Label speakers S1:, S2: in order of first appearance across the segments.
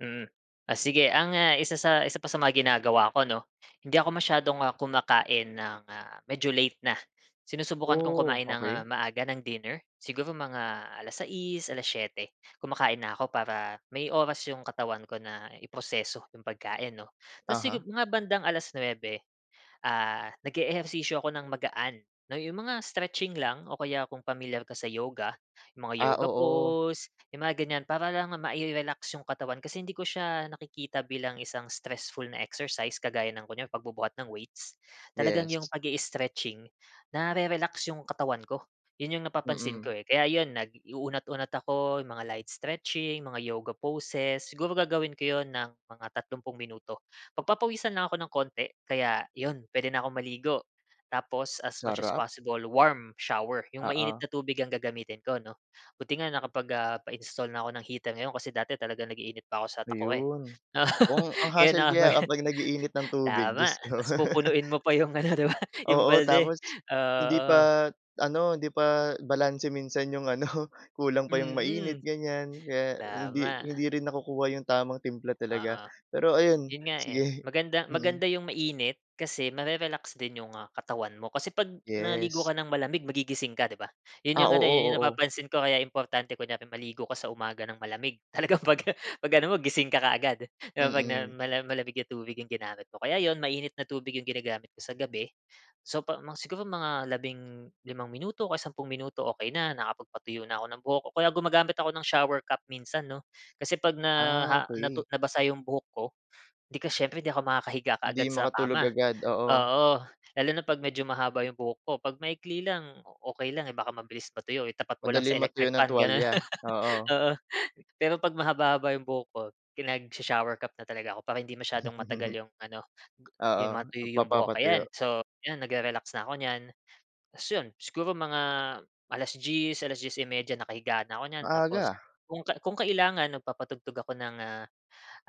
S1: Mm. O sige, ang isa sa isa pa sa mga ginagawa ko, 'no? Hindi ako masyadong, ah, kumakain ng, ah, medyo late na. Sinusubukan kong
S2: Oh,
S1: kumain ng, ah,
S2: okey.
S1: maaga ng dinner, siguro mga alas sais, alas-siyete, kumakain na ako para may oras 'yong katawan ko na iproseso 'yong pagkain, 'no. Tapos
S2: Uh-huh.
S1: sigu yung mga bandang alas-nuebe, ah, nag-eehersisyo ako ng magaan, 'no, yung mga stretching lang o kaya kung pamilyar ka sa yoga, yung mga
S2: Ah,
S1: yoga
S2: oo.
S1: pose, 'yung mga ganyan, para lang mai-relax yung katawan. Kasi hindi ko siya nakikita bilang isang stressful na exercise, kagaya ng kunyari pagbubuhat ng weights, talagang yung
S2: Yes.
S1: pag-i-stretching, nare-relax yung katawan ko. 'Yun yung napapansin ko
S2: Mm.
S1: eh, kaya 'yun nag-unat-unat ako, mga light stretching, mga yoga poses. Siguro, gagawin ko yun ng mga tatlumpung minuto. Pagpapawisan lang ako ng konti, kaya yun, pwede na akong maligo. Tapos, as much as
S2: Sarap.
S1: possible, warm shower, yung mainit
S2: Oo.
S1: na tubig ang gagamitin ko, 'no. Buti nga nakapag ah, pa-install na ako ng heater ngayon kasi dati talagang nag-iinit pa ako sa takure,
S2: Ayun.
S1: 'no..
S2: Kung ang
S1: Ngayon, 'no,
S2: hustle kaya
S1: kumbaga
S2: kapag nag-iinit ng tubig,
S1: tama.
S2: Diyos ko.
S1: Tapos pupunuin mo pa yung ano, di ba, yung
S2: Oo,
S1: balde.
S2: tapos hindi
S1: Oo.
S2: pa, ano, hindi pa balanse minsan 'yong ano, kulang pa 'yong mainit
S1: Mhm,
S2: ganyan. Kaya, hindi
S1: tama.
S2: hindi rin nakukuha yung tamang timpla talaga.
S1: Oo.
S2: Pero ayun,
S1: 'Yun nga eh,
S2: sige.
S1: maganda
S2: Mm.
S1: maganda yung mainit, kasi mare-relax din yung ah, katawan mo. Kasi 'pag naligo
S2: Yes.
S1: ka ng malamig, magigising ka, di ba? 'Yun
S2: Ah,
S1: yung ano
S2: oo,
S1: eh, 'yun 'yung
S2: oo.
S1: napapansin ko, kaya importante kunyari maligo ka sa umaga ng malamig. Talagang pag pag ano mo, gising ka kaagad, 'di ba, 'pag na
S2: Mm.
S1: mala malamig na tubig yung ginamit mo. Kaya 'yun, mainit na tubig 'yung ginagamit ko sa gabi. So 'pa mga siguro mga labing limang minuto, o kaya sampung minuto, okey na, nakapagpatuyo na ako ng buhok, o kaya gumagamit ako ng shower cap minsan 'no. Kasi 'pag na
S2: Ah,
S1: ah, natu
S2: okey.
S1: nabasa 'yong buhok ko, 'di ka siyempre 'di ako makakahiga
S2: 'Di
S1: kaagad sa
S2: makatulog
S1: kama.
S2: agad, oo.
S1: Oo. Lalo na 'pag medyo mahaba 'yong buhok ko. 'Pag maikli lang, okey lang eh, baka mabilis matuyo, itapat mo lang sa
S2: Madaling
S1: electric
S2: matuyo ng
S1: fan, ganun.
S2: tuwalya, oo.
S1: Oo. Pero pag mahaba-haba yung buhok ko, pinagsha-shower cap na talaga ako, para hindi masyadong matagal yung ano, gu
S2: Oo,
S1: yung matuyo yung buhok. Ayan,
S2: nagpapapatuyo.
S1: so, yan nagre-relax na ako niyan. Tapos 'yon siguro mga alas-dies, alas-dies y media, nakahiga na 'ko niyan.
S2: Maaga
S1: Tapos,
S2: ah.
S1: kung ka kung kailangan, nagpapatugtog ako ng ah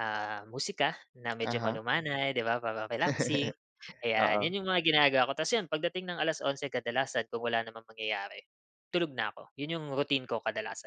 S1: ah, musika na medyo
S2: Uh-huh.
S1: malumanay, 'di ba, para relaxing. Ayan,
S2: Oo.
S1: 'yun yung mga ginagawa ko. Tapos 'yon, pagdating ng alas-onse kadalasan kung wala namang mangyayari, tulog na ako. 'Yun yung routine ko kadalasan.